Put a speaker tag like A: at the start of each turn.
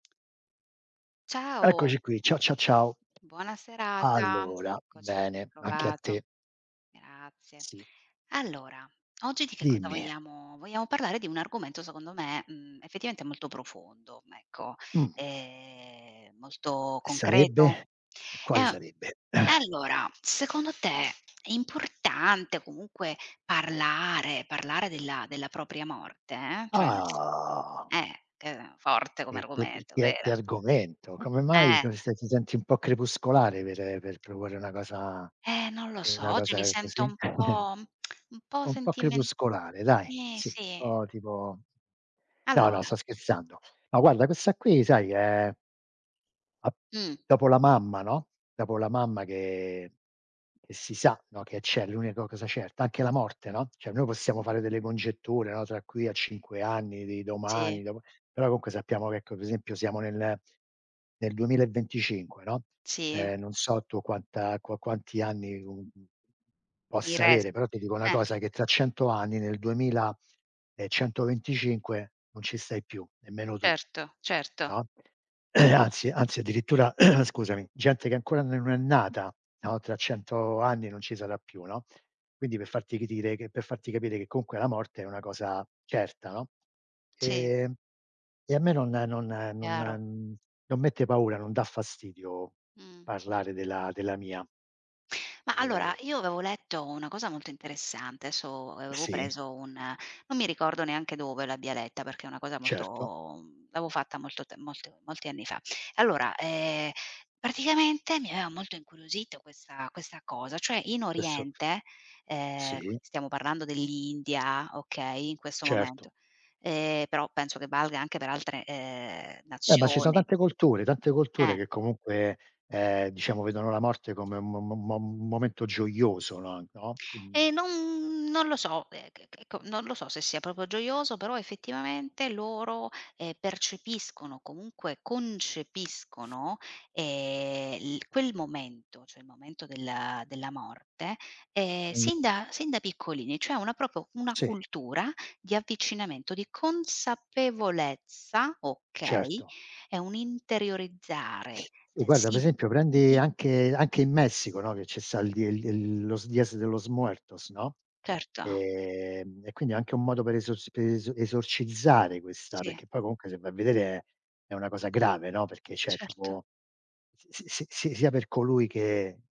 A: Ciao.
B: Eccoci qui, ciao, ciao, ciao.
A: Buona serata.
B: Allora,
A: Eccoci, ben
B: bene, anche a te.
A: trovato. Grazie.
B: Sì.
A: Allora oggi di che cosa
B: Dimmi.
A: vogliamo vogliamo parlare di un argomento secondo me, mhmm, effettivamente molto profondo, ecco,
B: Mh.
A: ehm, molto concreto.
B: Sarebbe? E
A: E
B: quale
A: a e
B: sarebbe?
A: allora secondo te, è importante comunque parlare, parlare della della propria morte? Cioè nel se
B: Ah.
A: Eh, ehm forte come
B: E che
A: argomento,
B: che che
A: vero?
B: argomento. Come mai,
A: Eh.
B: cos che ti senti un po' crepuscolare per per proporre una cosa
A: Eh non lo so,
B: una
A: oggi mi
B: cosa
A: sento
B: così?
A: un po', un po'
B: Un po'
A: sentimen
B: crepuscolare dai
A: Sì
B: sì,
A: sì.
B: po' tipo no, no
A: Allora.
B: sto scherzando. Ma guarda questa qui sai che è ap
A: Mh.
B: dopo la mamma, no, dopo la mamma che che si sa, no che c'è, l'unico cosa certa. Anche la morte, no, cioè noi possiamo fare delle congetture, no tra qui a 5 anni, di
A: Sì.
B: domani, dopo però comunque sappiamo che ecco, per esempio, siamo nel nel 2025, no,
A: Sì.
B: ehm, non so tu quanta qua quanti anni comun
A: Mi
B: possa
A: res
B: avere, però ti dico una
A: eh.
B: cosa, che tra 100 anni nel 2125 non ci stai più, nemmeno tu,
A: Certo, certo.
B: no? Anzi anzi addirittura scusami, gente che ancora ne non è nata, no tra 100 anni non ci sarà più, no, quindi per farti ridire per farti capire che, comunque, la morte è una cosa certa, no?
A: Sì.
B: Ehm, e a me non non non
A: Chiaro.
B: mhmm, non mette paura, non dà fastidio
A: Mh.
B: parlare della della mia.
A: Ma
B: Ehm.
A: allora io avevo letto una cosa molto interessante, adesso avevo
B: Sì.
A: preso un non mi ricordo neanche dove l'abbia letta perché è una cosa
B: Certo.
A: molto mhmm, l'avevo fatta molto te molte molti anni fa. Allora, ehm, praticamente, mi aveva molto incuriosito questa questa cosa, cioè in
B: Questo
A: oriente, ehm,
B: Sì.
A: qui stiamo parlando dell'India, okay, in questo
B: Certo.
A: momento, ehm, però penso che valga anche per altre, ehm,
B: Eh ma ci son
A: nazioni.
B: tante culture tante culture
A: Eh.
B: che comunque, ehm, diciamo, vedono la morte come un mom mom mom un momento gioioso, no no?
A: E
B: Mhmm
A: non non lo so, eh che che ecco, non lo so, se sia proprio gioioso, però effettivamente, loro, ehm, percepiscono, comunque, concepiscono, ehm, l quel momento, cioè il momento del della morte, ehm,
B: M
A: sin da sin da piccolini, cioè una proprio una
B: Sì.
A: cultura di avvicinamento, di consapevolezza, okay,
B: Certo.
A: è un'interiorizzare,
B: Sì
A: ehm,
B: guarda, per
A: sì..
B: esempio, prendi
A: [unintelligible]
B: anche anche in Messico, no, che ce sta el di el d el los Días de los muertos, no?
A: Certo.
B: Ehm, e quindi è anche un modo per eso per es esorcizzare questa
A: Sì.
B: perché poi comunque se vai a vedere è una cosa grave, no, perché cioè
A: Certo.
B: tipo s si si sia per colui che